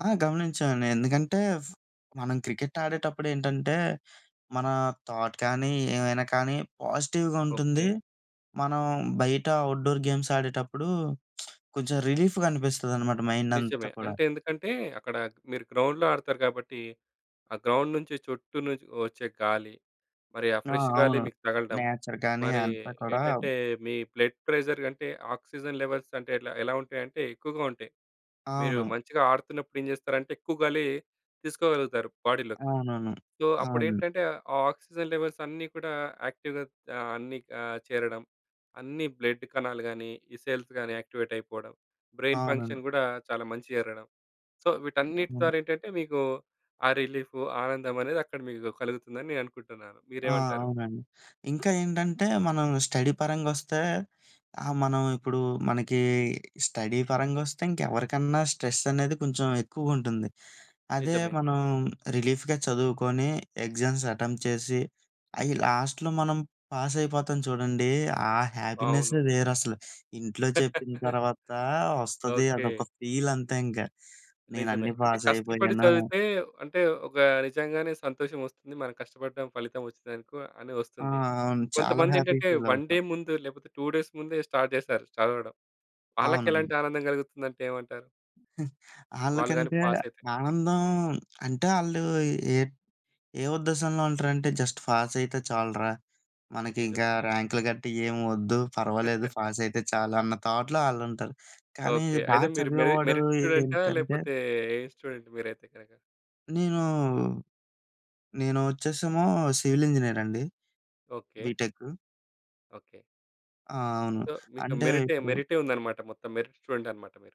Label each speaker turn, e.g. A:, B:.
A: ఆ! గమనించానండి ఎందుకంటే, ఫ్ మనం క్రికెట్ ఆడేటప్పుడేంటంటే, మనా థాట్ కానీ, ఏమైనా కానీ, పాజిటివ్‌గ ఉంటుంది.
B: ఓకే.
A: మనం బయట అవుట్‌డోర్ గేమ్స్ ఆడేటప్పుడు, కొంచెం రిలీఫ్‌గా అనిపిస్తదనమాట మైండంతా
B: నిజమే.
A: కూడా.
B: అంటే ఎందుకంటే, అక్కడా క్ మీరు గ్రౌండ్‌లో ఆడతారు కాబట్టి, ఆ గ్రౌండ్ నుంచి చుట్టూ నుంచి ఒచ్చే గాలి. మరి ఆ
A: ఆ!
B: ఫ్రెష్ గాలి
A: అవును.
B: మీకు తగలడం.
A: నేచర్ కానీ
B: మరీ
A: అంతా కూడా
B: ఏంటంటే, మీ బ్లడ్ ప్రెషర్ కంటే ఆక్సిజన్ లెవెల్స్ అంటే, ఎట్ల ఎలా ఉంటాయంటే, ఎక్కువగా ఉంటాయి. మీరు
A: అవును.
B: మంచిగా ఆడుతున్నప్పుడు ఏం చేస్తారంటే, ఎక్కువ గాలీ తీసుకోగలుగుతారు బాడీలోకి.
A: అవునవును.
B: సో,
A: అవును.
B: అప్పుడేంటంటే, ఆ ఆక్సిజన్ లెవెల్సన్నీ కూడా యాక్టివ్‌గా ఆహ్, అన్నీ ఆహ్, చేరడం. అన్ని బ్లడ్ కణాలు గానీ, ఈ సెల్స్ గానీ యాక్టివేటయిపోడం, బ్రెయిన్
A: అవునండి.
B: ఫంక్షన్ గూడా చాలా మంచిగ జరగడం. సో, వీటన్నిటి
A: అవును.
B: ద్వార ఏంటంటే, మీకు ఆ రిలీఫు, ఆనందమనేది అక్కడ మీకు గు కలుగుతుందని నే అనుకుంటన్నాను.
A: ఆ!
B: మీరేవంటారు?
A: అవునండి. ఇంకా ఏంటంటే, మనం స్టడీ పరంగొస్తే ఆహ్, మనం ఇప్పుడూ మనకీ స్టడీ పరంగొస్తే ఇంకెవరికన్నా స్ట్రెసనేది కొంచెం ఎక్కువుంటుంది. అదే
B: నిజమే.
A: మనం రిలీఫ్‌గా చదువుకోని, ఎగ్జామ్స్ అటెంప్ట్ చేసి, అయ్యి లాస్ట్‌లో మనం పాసయిపోతాం చూడండీ, ఆ
B: అవును.
A: హ్యాపీనెస్సే వేరసలు. ఇంట్లో చెప్పిన తర్వాతా వస్తది
B: ఓకే.
A: అదొక ఫీలంతే ఇంక,
B: నిజమే.
A: నేనన్నీ
B: అంటే, కష్టపడి
A: పాసయిపోయాను.
B: చదివితే అంటే, ఒక నిజంగానే సంతోషమొస్తుంది. మనం కష్టపడ్డాం, ఫలితవొచ్చిందనుకో అని
A: ఆ!
B: ఒస్తుంది.
A: అవును. చాలా హ్యాపీ‌గా
B: కొంతమందేంటంటే, 1
A: ఫీలవుతాం.
B: డే ముందు, లేపోతే 2 డేస్ ముందే స్టార్ట్ చేస్తారు చదవడం. వాళ్ళకేలాంటి
A: అవునండి.
B: ఆనందం గలుగుతుందంటే ఏమంటారు? వాళ్ళు గానీ
A: ఆళ్ళకంటే
B: పాసయితే?
A: ఆనందం. అంటే, ఆళ్ళూ ఏట్ ఏ ఉద్దేశంలో ఉంటరంటే, జస్ట్ ఫాసయితే చాలురా. మనకింకా
B: నిజమే.
A: ర్యాంకులు గట్ట ఏవొద్దు. పర్వాలేదు ఫాసయితే చాలు అన్న థాట్‌లో ఆళ్ళుంటారు, కానీ
B: ఓకే.
A: బా
B: అయితే, మీరు మెరి
A: చదివేవాడూ
B: మెరిట్ స్టూడెంటా,
A: ఏంటంటే
B: లేపోతే ఏ స్టూడెంట్ మీరైతే గనక?
A: నేనూ, నేను ఒచ్చేసేమో సివిలింజినీరండి,
B: ఓకే.
A: బీటెక్.
B: ఓకే.
A: ఆ! అవును.
B: సో, మీకు
A: అంటే,
B: మెరిటే,
A: ఇప్పుడు
B: మెరిటే ఉందనమాట మొత్తం. మెరిట్ స్టూడెంటనమాట మీరు.